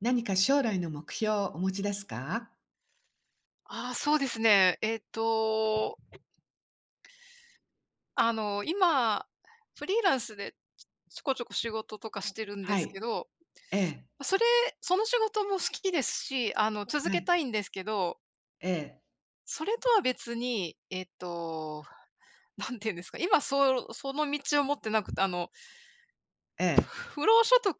何か将来の目標をお持ちですか？ああ、そうですね。えっと。あの、今、フリーランスで、ちょちょこちょこ仕事とかしてるんではすい。けど、ええ。それ、その仕事も好きですし、あの続はけい。たいんですけど。ええ。それとは別に、えっと、何て言うんですか、今そうその道を持ってなくて、あのええ。不労所得？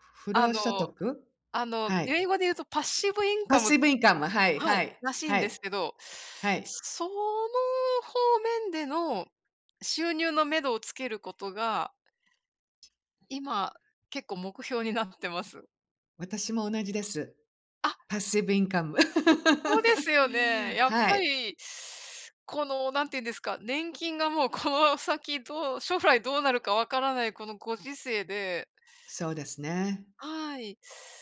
ふ不あ労所の、得？あの、はい。英語で言うと、パッシブインパッカム、シブインカム、はいははい、い、らしいんはでい。すけど、はい。その方面での収入の目処をつけることが今、結構目標になってます。私も同じです。あ。パッシブインカム。そうですよね、やっはぱい。り、このなんていうんですか、年金がもうこの先どう、将来どうなるか分からないこのご時世で。そうですね。はい、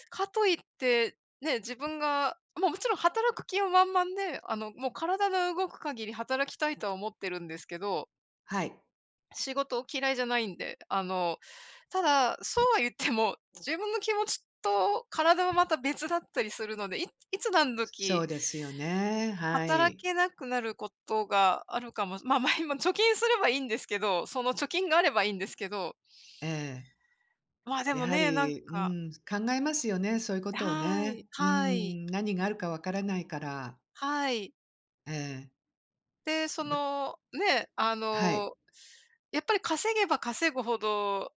かと言って、ね、自分が、まあ、もちろん働く気は満々で、あの、もう体の動く限り働きたいとは思ってるんですけど。はい。仕事を嫌いじゃないんで。あの、ただ、そうは言っても、自分の気持ちと体はまた別だったりするので、いいつ何そ時うですよね、は働い。けなくなることがあるかも。ま、まあ、今貯金すればいいんですけど、その貯金があればいいんですけど。ええ。まあ、でやもはね、なんり、うか。ーん、考えますよね、そういうこえ、とをはね。いうーはい。ん、何があるか分からないから。はい。ええ。で、そま。の、ね、あはい。の、やっぱり稼げば稼ぐほど、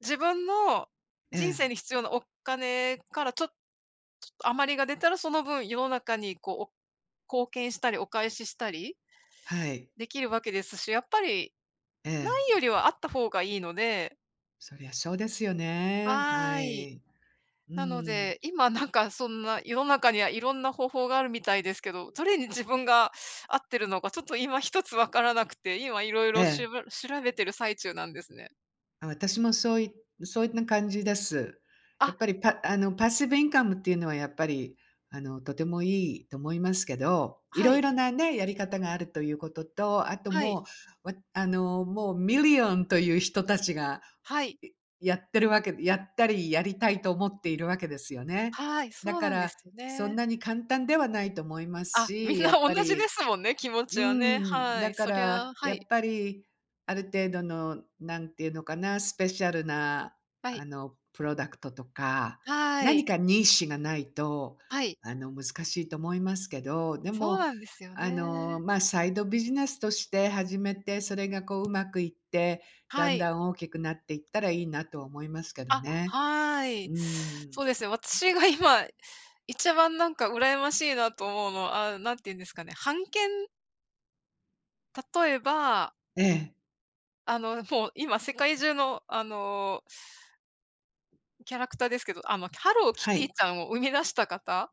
自分のえ人生え。に必要なお金からちょっちょっと余りが出たら、その分世の中にこう、貢献したり、お返ししたりはい。出来るわけですし、やっぱり、え無え。いよりはあった方がいいので。そりゃそうですよね。ははい。い。うーなのん。で、今なんかそんな世の中には色んな方法があるみたいですけど、どれに自分が合ってるのかちょっと今ひとつ分からなくて、今色え々しえ。ば調べてる最中なんですね。あ、私もそういそういった感じです。やあ。っぱりパあの passive income っていうのは、やっぱり、あのとてもいいと思いますけど、いはろいい。ろなね、やり方があるということと、あとはい。もう、わあの、もう million という人たちが、はい。いやってるわけ、やったりやりたいと思っているわけですよね。はい、だそうかなんでら、すそんね。なに簡単ではないと思いますあ、みし、んなやっ同ぱじでり、すもんね、気持うちーはね、ん、はだい、かそりら、ゃ、はやい。っぱり、ある程度のなんていうのかな、スペシャルな、はい。あの product とか、はー何い。か niche がないと、はい。あの難しいと思いますけど、でそうも、なんですよあの、ね。ま、サイドビジネスとして始めて、それがこううまくいって、だはんい。だん大きくなっていったらいいなとは思いますけどあ、ね。はうーい。ん。そうですね、私が今、一番なんか羨ましいなと思うのは、あ、何て言うんですかね、版権？例えば。ええ。あの、もう今世界中の、あのキャラクターですけど、あ、まあ、ハローキはティい。ちゃんを生み出した方？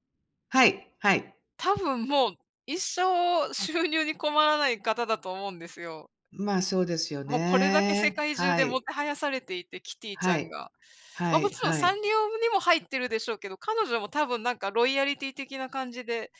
はいはい。多分もう、一生収入に困らない方だと思うんですよ。ま、そうですよもうこれだけ世ね。界中はでもい。てはやされていて、キティちゃはんい、が。まはあ、もいちろんはサンい。リオにも入ってるでしょうけど、彼女も多分なんかロイヤリティ的な感じで。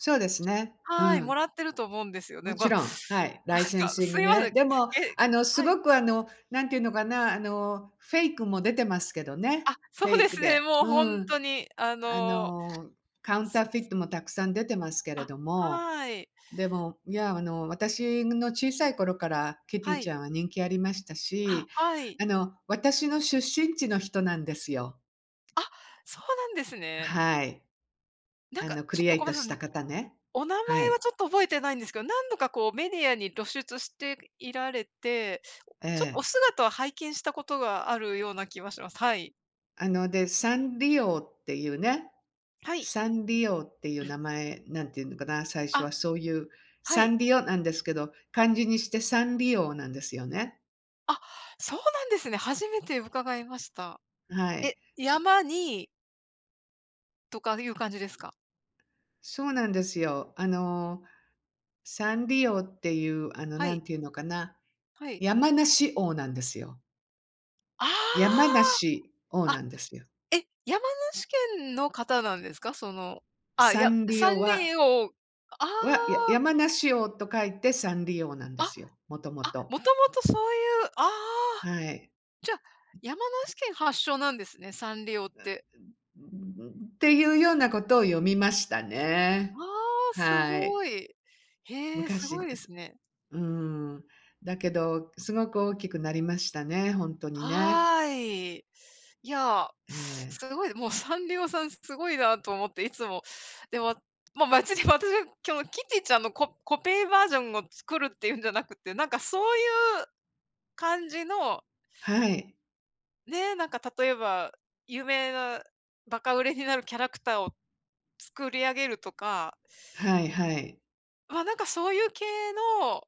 そうですね。うはい、もん。らってると思うんですよもね。ま、ちなんか、ろん、はい、ライセンシンすグいません。ね。え、でも、あの、すはい。ごくあの、なんていうのかな、あのフェイクも出てますけどね。あ、そフェうイでクすで。ね、もうほうんん、とに、ああの。の、カウンターフィットもたくさん出てますけれあ、ども、はい。でも、いやあの、私の小さい頃からキティはちい。ゃんは人気ありましたあ、し、はい。あの、私の出身地の人なんですよ。あ、そうなんですね。はい。なんあか、のクちょリっエとイごトめんなしさたい、方ね。お名前ははい。ちょっと覚えてないんですけど、何度かこうメディアに露出していられて、えお、ちょっとおえ。姿を拝見したことがあるような気はします。はい。あの、で、山梨王っていうね、はい。山梨王っていううん。名前、何て言うのかな、最初あ、はそういう、はサい。ンリオなんですけど、漢字にして山梨王なんですよね。あ、そうなんですね。初めて伺いました。あ、はえ、い。す山にとかいう漢字ですか？そうなんですよ。あの、山梨王っていう、あの、はい。何て言うのかな、はい。山梨王なんですよ。あ山梨、王あ。あ、なんですよ。え、山梨県の方なんですか？そのあ、いサや、ンリ山オは梨王あは、やあ。山梨王と書いて、サンリオなんあ、ですよ。もともあ、と。もともとそういう、ああ。はい。じゃ、山梨県発祥なんですね、サンリオって。っていうようなことを読みましたあね。あ、すはい。ごい。へえ、す昔ごいでです。すね。うーん。だけど、すごく大きくなりましたね、ほんとにね。はい。いや、えすえ。ごい、もうサンリオさんすごいなと思って、いつも。でも、ま、マジに私はキョキティちゃんのココペーバージョンを作るっていうんじゃなくて、なんかそういう感じのはい。ね、なんか例えば、有名なバカ売れになるキャラクターを作り上げるとか。はいはい。あ、なんかそういう系の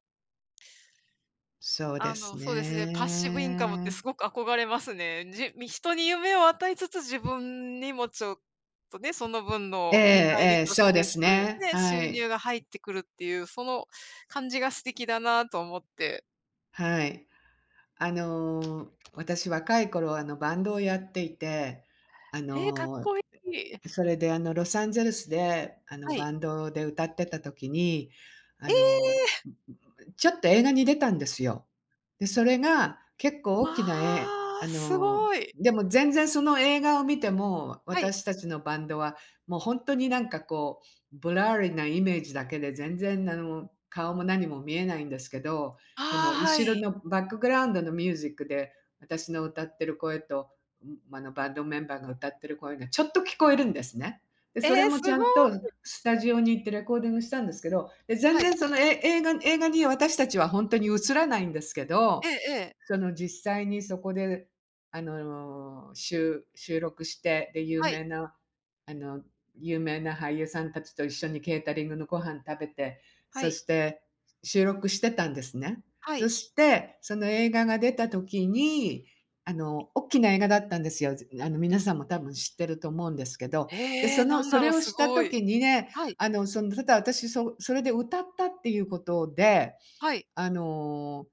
そうであすの、そうですね、パッシブインカムってね。すごく憧れますね。じみ人に夢を与えつつ自分にもちょっと、ね、その分ええの見返りええ、とそしうでて、すそういうね。ね、は収い。入が入ってくるっていう、その感じが素敵だなと思って。はい。あの、私若い頃はあの、バンドをやっていて、あえ、かっの、こいい。え、それであの、ロサンゼルスであの、はい。バンドで歌ってた時に、あえのえ。ちょっと映画に出たんですよ。で、それが結わ構大きなえああすの、ごい。でも全然その映画を見ても、はい。私たちのバンドはもうほんとになんかこうブラーリなイメージだけで全然あの、顔も何も見えないんですけど、そああ、の、は後ろい。のバックグラウンドのミュージックで私の歌ってる声と、ん、あの、バンドメンバーが歌ってる声がちょっと聞こえるんですね。で、それええ、もすちゃごんとい。スタジオに行ってレコーディングしたんですけど、で、全はい。然そのえ映画に映画に私たちはほんとに映らないんですけえど、えええ。その実際にそこであの、しゅ収録して、で、有はい。名なあの有名な俳優さんたちと一緒にケータリングのご飯食べて、はそい。して収録してたんですね。はい。そして、その映画が出た時に、あの、おっきな映画だったんですよ。ぜあの、皆さんも多分知ってると思うんですけど。で、へそえのなんそだろれう、をすしたごい。時にね、はい。あの、その、ただ私そそれで歌ったっていうことで、はい。あの、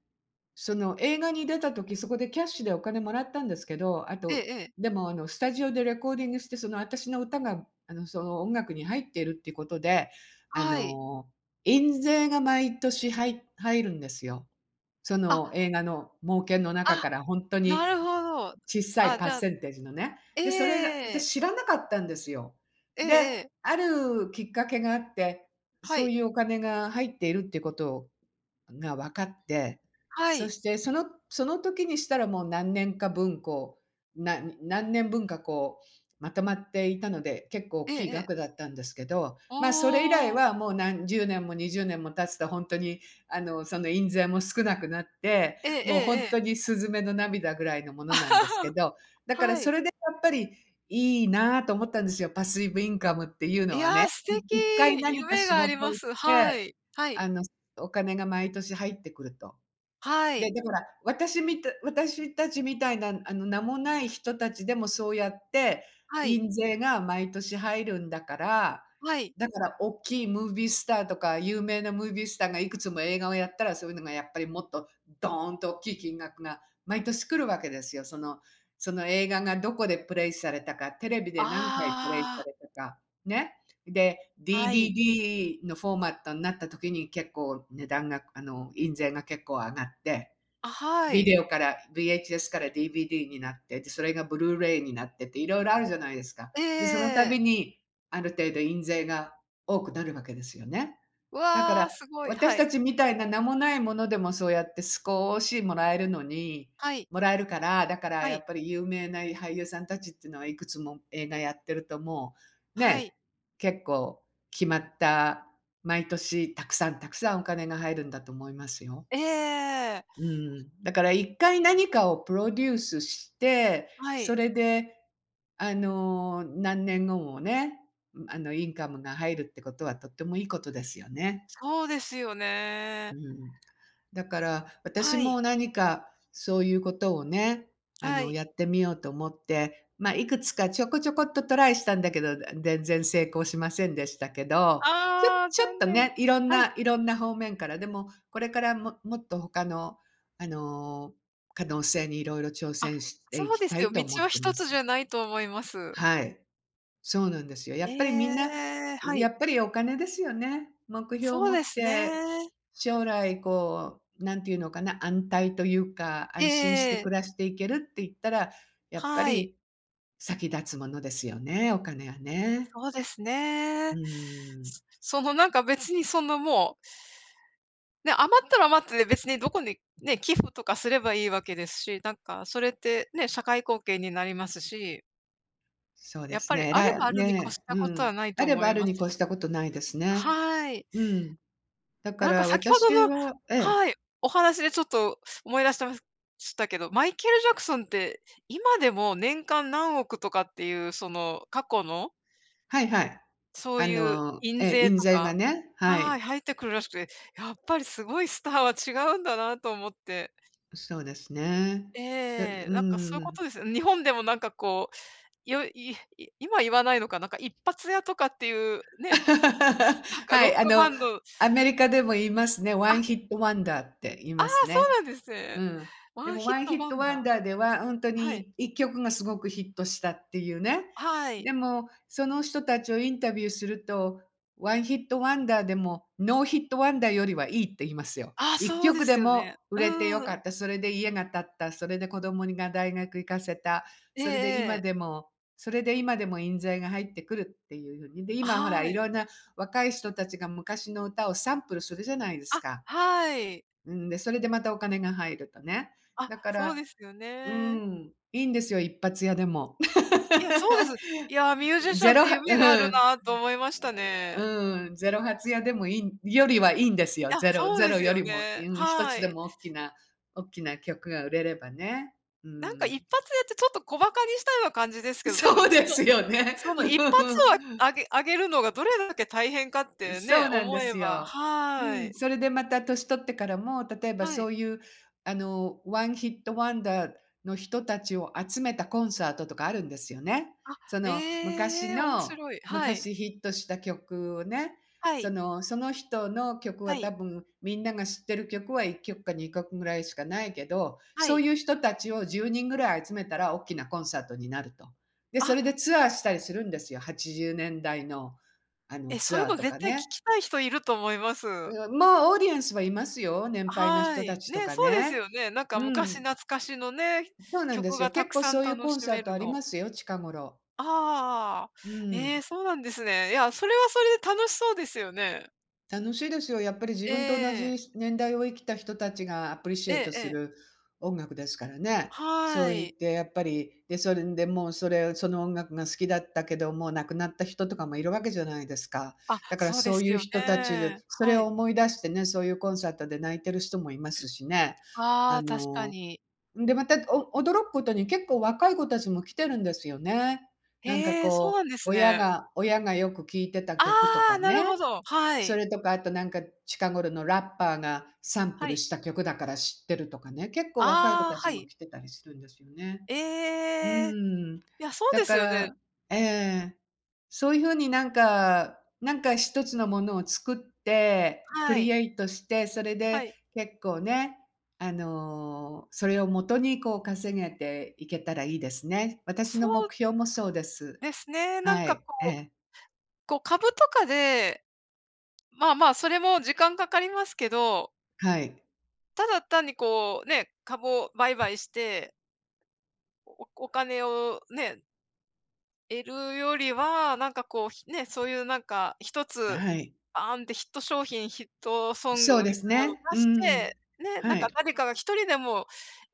その映画に出た時そこでキャッシュでお金もらったんですけど、あええと、ええ。でもあの、スタジオでレコーディングしてそのあたしの歌があの、その、音楽に入ってるっていうことで、あはい。の、印税が毎年はい入るんですよ。そあの映画の儲けの中あ、から、ほんとになるほど。ちっさいあ、パじッゃあセンテージのね。で、それが、ええ。私知らなかったんですよ。えで、えええ。あるきっかけがあって、はそうい。いうお金が入っているっていうことをがわかって、はそい。してそのその時にしたらもう何年か分こう、な何年分かこうまとまっていたので、結構おっええきいええ。額だったんですけど、あまあ、それ以来あ。はもう、なん10年も20年も経つとほんとにあの、その印税も少なくなって、ええもうほえんえ。とにスズメの涙ぐらいのものなんですけ ど、だからはそい。れでやっぱり、いいなと思ったんですよ。パスイブインカムっていういのはや、ね。素敵。い1回何か夢仕があ事りをましす。はて、い、はい。あの、すお金が毎年入ってくると。はでい。で、ほら、私みた私たちみたいなあの、名もない人たちでもそうやってはい。印税が毎年入るんだから、はい。だからおっきいムービースターとか有名なムービースターがいくつも映画をやったらそういうのがやっぱりもっと、ドーンとおっきい金額が毎年来るわけですよ。そのその映画がどこでプレイされたか、テレビで何回プレイさああ。れたか、ね。で、はい。DVD のフォーマットになった時に結構値段があの、印税が結構上がって、あ、はビい。デオから VHS から DVD になって、で、それがブルーレイになってって色々あるじゃないですか。ええで、そのえたえええ。びに、ある程度印税が多くなるわけですよね。うだかわ、ら、すごい。私はたい。ちみたいな名もないものでもそうやってすこしもらえるのにはい。もらえるから、だからはやい。っぱり有名な、い俳優さんたちってのはいくつも映画やってるともう、はね、い。結構決まった、毎年たくさんたくさんお金が入るんだと思いますよ。ええ。うーん、だから1回何かをプロデュースして、はい。それであの、何年後もね、あの、インカムが入るってことはとってもいいことですよね。そうですようね。ん。だから、私はい。も何かそういうことをね、あはの、い。やってみようと思って、ま、いくつかちょこちょこっとトライしたんだけど、全然成功しませんでしたけど、ちょああ、ちょっ残と念。ね、いろんはい。ないろんな方面から。でも、これからももっとほかのあの、可能性にいろいろ挑あ、戦してそいうきですたよ。いと道思っはてひまとつじす。ゃないと思います。はい、そうなんですよ。やえっぱりみんな、え、はやい。っぱりお金ですよね。目標をそう持でっすて、ね。将来こう、何て言うのかな、安泰というかえ安心してえええ。暮らしていけるって言ったら、やっぱはい。り先立つものですよね、お金はね。そうですうね。ーん。すその、なんか別にその、もうね、余ったら余ったで別にどこにね、寄付とかすればいいわけですし、なんかそれってね、社会貢献になりますし。そうでやっすぱり、ね、えあられい、あばあるに越しね、たうことん、はないとあれ思ばあいるまにす。越したことないですね。はい。うん。だかなんから先ほ私どのはええ。はい、お話でちょっと思い出してますしたけど、マイケル・ジャクソンって、今でも年間何億とかっていうその過去のはいはい。そうあいうの印ええ、税印と税がかね。ははい、い。入ってくるらしくて、やっぱりすごいスターは違うんだなと思って。そうですね。えでうえ、なんかそういうーこん。とですよね。日本でもなんかこう、よいい今言わないのか、なんか一発屋とかっていう、ね、なん かはロッい、あクバのンドアメリカでも言いますね、ワンあ。ヒットワンダーって言いああ、ますそね。うなんですうね。ん。ワでンもヒッワンヒトッワトンワダンダーではほんとー。はい。に1曲がすごくヒットしたっていうね。はい。でも、その人たちをインタビューすると、ワンヒットワンダーでもノーヒットワンダーよりはいいって言いますよ。あ、いっそきうょでくですよもね。売れてようかん。った、それで家が建った、それで子供にが大学行かせた、ええそれで今ええ。でもそれで今でも印税が入ってくるっていうふうに。で、あ、今ほら、はいい。ろんな若い人たちが昔の歌をサンプルするじゃないですあ、か。はい。うん、で、それでまたお金が入るとね。あ、だかそうらですようーね。ん、いいんですよ、1発屋でも。いや、そうです。いや、ミュージ シゼャンっロてはうふ夢があるん。なと思いましたね。うん、0発屋でもいいんよりはいいんですよ。いや、0、そうゼでロすよよりも、ね。うん、ひとはつでい。もおっきなおっきな曲が売れればね。うなんかいっん。ぱつやってちょっと小馬鹿にしたような感じですけど、でもそうでそのすよね。その1発うはん。あげあげるのがどれだけ大変かってそね、うなんで思えすば。よ。うはん、い。それでまた年取ってからも、例えばはい。そういうあのワンヒットワンダーの人たちを集めたコンサートとかあるんですよね。あ、その昔へえ、面の白い、はい。昔ヒットした曲をね、はそい。のその人の曲はは多い。分みんなが知ってる曲は1曲か2曲ぐらいしかないけど、はそうい。いう人たちを10人ぐらい集めたらおっきなコンサートになると。で、そあ。れでツアーしたりするんですよ、80年代の、あのえ、そツういうアーのとか絶対聞ね。きたい人いると思います。うん、もうオーディエンスはいますよ、年あ、配のは人たい、ちとね、かそうですね。よね。なんかう昔ん。懐かしのね、そうなんで曲すよ。がた結く構さんそういう楽コしンサめートるありの。ますよ、近頃。ああ、うえん。え、そうなんですね。いや、それはそれで楽しそうですよね。楽しいですよ。やっぱり自分と同ええ。じ年代を生きた人たちがアプリシエイトえすえ。る音楽ですからね。そはう言っい。てやっぱり、で、それでもう、それ、その音楽が好きだったけど、もう亡くなった人とかもいる訳じゃないですか。あ、だからそうでそうすいうよ人たちで、ね。それはをい。思い出してね、そういうコンサートで泣いてる人もいますしね。あああ、確かの、に。んでまたお驚くことに結構若い子たちも来てるんですよね。なんか、へえ、そうこなんう、です親ね。が親がよく聴いてたあ曲とかあ、なね。るほど、はそい。れとかあと、なんか、近頃のラッパーがサンプはルい。した曲だから知ってるとかね、結構若い子ああ、たちはもい。来てたりするんですよね。うーええ。ん。いや、そうだですかよね。らええ。そういう風に、なんか、なんか、一つのものを作って、クはリい。エイトして、それはでい。結構ね、あの、それをもとにこう稼げていけたらいいですね。私そのう。目標もそうです。ですね。なんはか、い。えこう、え。こう、株とかで、まあまあ、それも時間かかりますけど。はい。ただ単にこう、ね、株を売買して。おお金をね。得るよりは、なんかこう、ひね、そういうなんか一つ、はい。バーンってヒット商品ヒットソンそうグでみたすいなのね。出うしん、て、ね、なんはかい。誰かが1人でも、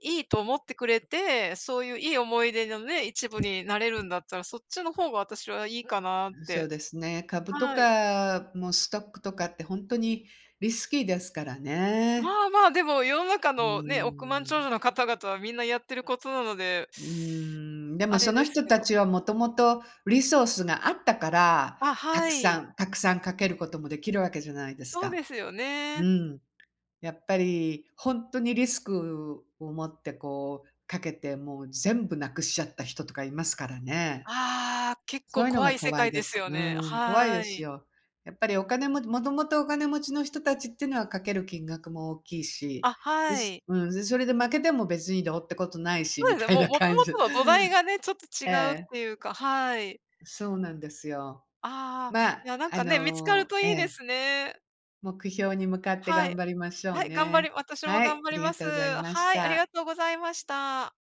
いいと思ってくれて、そういういい思い出のね、一部になれるんだったら、そっちの方が私はいいかなっそうて。ですね。株とはい。かもストックとかって本当にリスキーですからまね。あまあでも、世の中うのね、億万長ん。者の方々はみんなやってることなので。うん。であもそれのです人けたど。ちはもともとリソースがあったから、あ、たはくさい。んたくさん賭けることもできるわけじゃないですそうか。ですようね。ん。やっぱり本当にリスクを持ってこう賭けて、もう全部なくしちゃった人とかいますからね。ああ、結そ構ういうの怖がい世怖い界でですす。よね。うん、怖いではすい。よ。やっぱりお金も、もともとお金持ちの人たちっていうのは賭ける金額も大きいし。あ、ではい。うん、それで負けても別にどうってことないし、そみうですね。たいもう、なもと感もじ。との土台がね、ちょっと違えうっえ。ていうか、はい。そうなんですよ。ああ。ま、いやなんあかね、見つかるの、とえいいでえ。すね。目標に向かっては頑い。張りましょうはい頑張りね。私もは頑い、張ありりがまとす。うございましはい、ありた。がとうございました。